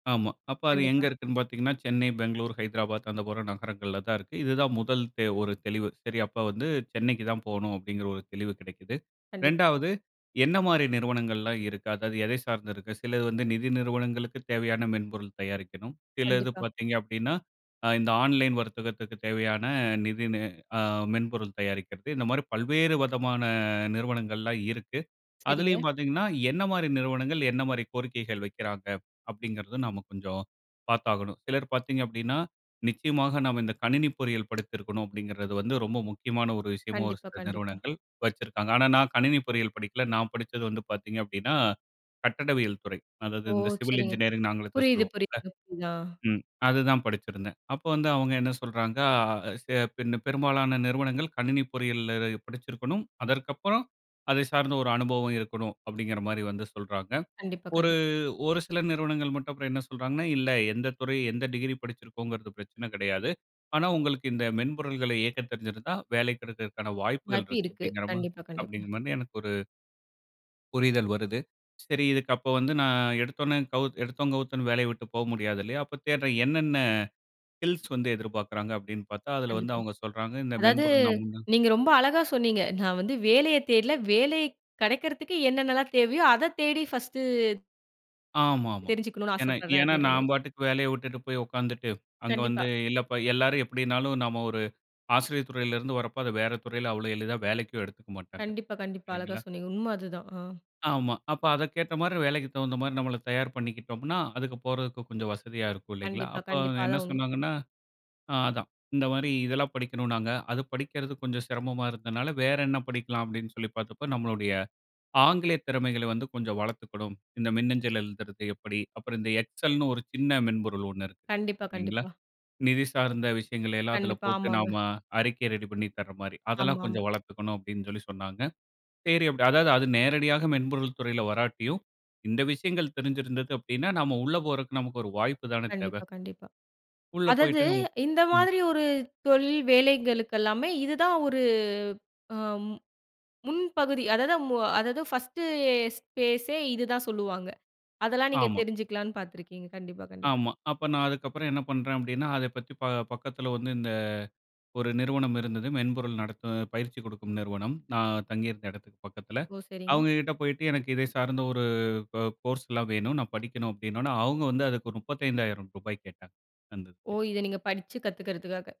ஆமா, அப்ப அது எங்க கண்டிப்பா. இருக்குன்னு பாத்தீங்கன்னா, சென்னை, பெங்களூர், ஹைதராபாத், அந்த போற நகரங்கள்ல தான் இருக்கு. இது தான் முதல் தே ஒரு தெளிவு. சரி அப்ப வந்து சென்னைக்கு தான் போணும் அப்டிங்குற ஒரு தெளிவு கெடைக்குது. கண்டிப்பா. 2வது என்ன மாரி நிறுவனங்கள்லாம் இருக்கா? அதாவது எத சார்ந்து இருக்கு? சிலது வந்து நிதி நிறுவனங்களுக்கு தேவையான மென்பொருள் தயாரிக்கணும், சிலது கண்டிப்பா. பாத்தீங்க அப்டின்னா, அ இந்த ஆன்லைன் வர்த்தகத்துக்கு தேவையான நிதி நெ ஆ மென்பொருள் தயாரிக்றது, இந்த மாரி பல்வேறு வதமான நிறுவனங்கள்லாம் இருக்கு. சரிங்க. அதுலையும் பாத்தீங்கன்னா, என்ன மாரி நிறுவனங்கள், என்ன மாரி கோரிக்கைகள் வைக்கிறாங்க? அப்டிங்குறதும் நாம கொஞ்சம் பார்த்தாகணும். சிலர் பார்த்தீங்க அப்டின்னா, நிச்சயமாக நாம இந்த கணினி பொறியியல் படித்திருக்கணும் அப்டிங்குறது வந்து ரொம்ப முக்கியமான ஒரு விஷயமாவும் கண்டிப்பா, சில கண்டிப்பா. நிறுவனங்கள் வச்சிருக்காங்க. ஆனா நான் கணினி பொறியியல் படிக்கல, நான் படிச்சது வந்து பார்த்தீங்க அப்டின்னா, கட்டடவியல் துறை. அதாவது ஓ! இந்த சிவில் சரிங்க. இன்ஜினியரிங் ஆங்கிலத்துல புரியுது, சொல்லுவோம்ல, புரியுதுங்க. புரியுதா. ம், அது தான் படிச்சிருந்தேன். அப்ப வந்து அவங்க என்ன சொல்றாங்க, அ பின்ன பெரும்பாலான நிறுவனங்கள் கணினி பொறியியல்ல படிச்சிருக்கணும், அதற்கப்பறம் அதை சார்ந்த ஒரு அனுபவம் இருக்கணும் அப்டிங்குற மாரி வந்து சொல்றாங்க. கண்டிப்பா, ஒரு, கண்டிப். ஒரு சில நிறுவனங்கள் மட்டும் அப்புறம் என்ன சொல்றாங்கன்னா, இல்ல எந்த துறை எந்த டிகிரி படிச்சிருக்கோம்ங்குறது பிரச்சன கடையாது, ஆனா உங்களுக்கு இந்த மென்பொருள்களை இயக்கத் தெரிஞ்சிருந்தா வேலை கடைக்றதுக்கான வாய்ப்புகள் வாய்ப்பு இருக்கு இருக்கு. அப்டிங்குற ம கண்டிப்பா, கண்டிப்பா. அப்டிங்குற மாரி எனக்கு ஒரு புரிதல் வருது. சரி இதுக்கு அப்ப வந்து நான் எடுத்தோடனே கவு எடுத்தோம் கௌத்தோம்ன்னு வேலைய விட்டு போக முடியாது இல்லையா? அப்ப தேடுறேன் என்னென்ன ஸ்கில்ஸ் வந்து எதிர்பார்க்றாங்க? அப்டின்னு பாத்தா அதுல வந்து கண்டிப்பா. அவங்க சொல்றாங்க இந்த அதாவது, மென்பொருள் நீங்க [unintelligible] ரொம்ப அழகா சொன்னிங்க நான் வந்து வேலையத் தேடல, வேலை கடைக்றதுக்கு என்னென்னலாம் தேவையோ அத தேடி ஃபர்ஸ்ட்டு ஆமா, ஆமா. தெரிஞ்சுக்கணும்னு ஏன்னா ஆசப்பட்றன் ஏன்னா அப்டின்ற நான் மாரி. பாட்டுக்கு வேலைய விட்டுட்டு போய் உக்காந்துட்டு, அங்க வந்து கண்டிப்பா. இல்லப்பா எல்லாரும் எப்டின்னாலும் நாம ஒரு ஆசிரிய துறைல இருந்து வரப்போ அது வேற துறைல அவ்ளோ எளிதா வேலைக்கும் எடுத்துக்க மாட்டாங்க, கண்டிப்பா, கண்டிப்பா அழகா இல்லைங்களா? சொன்னிங்க. உண்ம அதுதான். ஆ. ஆமா, அப்ப அத கேட்ட மாரி வேலைக்கு தகுந்த மாரி நம்மள தயார் பண்ணிக்கிட்டோம்ன்னா, அதுக்கு போறதுக்கு கொஞ்சம் வசதியா இருக்கும் இல்லைங்களா? கண்டிப்பா, அப்ப கண்டிப்பா என்ன அதான் உண்ம. சொன்னாங்கன்னா, ஆ அதான் இந்த மாரி இதெல்லாம் படிக்கணும்னாங்க, அது படிக்றது கொஞ்சம் சிரமமா இருந்ததுனால வேற என்ன படிக்லாம் அப்டின்னு சொல்லி பாத்தப்ப நம்மளுடைய ஆங்கில திறமைகள வந்து கொஞ்சம் வளத்துக்கணும், இந்த மின்னஞ்சல் எழுதுறது எப்டி, அப்புறம் இந்த Excelனு ஒரு சின்ன மென்பொருள் ஒண்ணு இருக்கு, கண்டிப்பா, சரிங்களா? கண்டிப்பா. நிதி சார்ந்த விஷயங்களெல்லாம் அதுல கண்டிப்பா, போட்டு ஆமாங்க. நாம அறிக்கை ரெடி பண்ணி தர்ற மாரி, அதெல்லாம் ஆமா, ஆமா. கொஞ்சம் வளர்த்துக்கணும் அப்டின்னு சொல்லி சொன்னாங்க. சரி அப்டி அதாவது அது நேரடியாக மென்பொருள் துறைல வராட்டியும் இந்த விஷயங்கள் தெரிஞ்சு இருந்தது அப்டின்னா, நாம உள்ள போறதுக்கு நமக்கு ஒரு வாய்ப்பு தானே தேவ? கண்டிப்பா, கண்டிப்பா. உள்ள அதாவது, போயிட்டு இந்த ம். மாதிரி ஒரு தொழில் வேலைகளுகெல்லாமே இதுதான் ஒரு ஆ ம், முன்பகுதி அதாவது, அதாவது ஃபர்ஸ்ட்டு ஸ்பேஸே இதுதான் சொல்லுவாங்க அதெல்லாம் நீங்க ஆமா. தெரிஞ்சுக்கலான்னு பாத்துருக்கீங்க கண்டிப்பா, கண்டிப்பா. ஆமா, அப்ப நான் அதுக்கப்புறம் என்ன பண்றேன் அப்டின்னா, அதை பத்தி ப பக்கத்துல வந்து இந்த, ஒரு நிறுவனம் இருந்தது, மென்பொருள் நடத்துற பயிற்சி கொடுக்கும் நிறுவனம், நான் தங்கி இருந்த எடத்துக்கு பக்கத்துல. ஓ! சரிங்க. அவங்க கிட்ட போயிட்டு எனக்கு இத சார்ந்த ஒரு கோ கோர்ஸ்லாம் வேணும், நான் படிக்கணும் அப்டின்னோடனே அவங்க வந்து அதுக்கு ரூ.35,000 கேட்டாங்க, அந்த ஓ இதுக்கு. இத நீங்க படிச்சுகத்துக்றதுக்காக.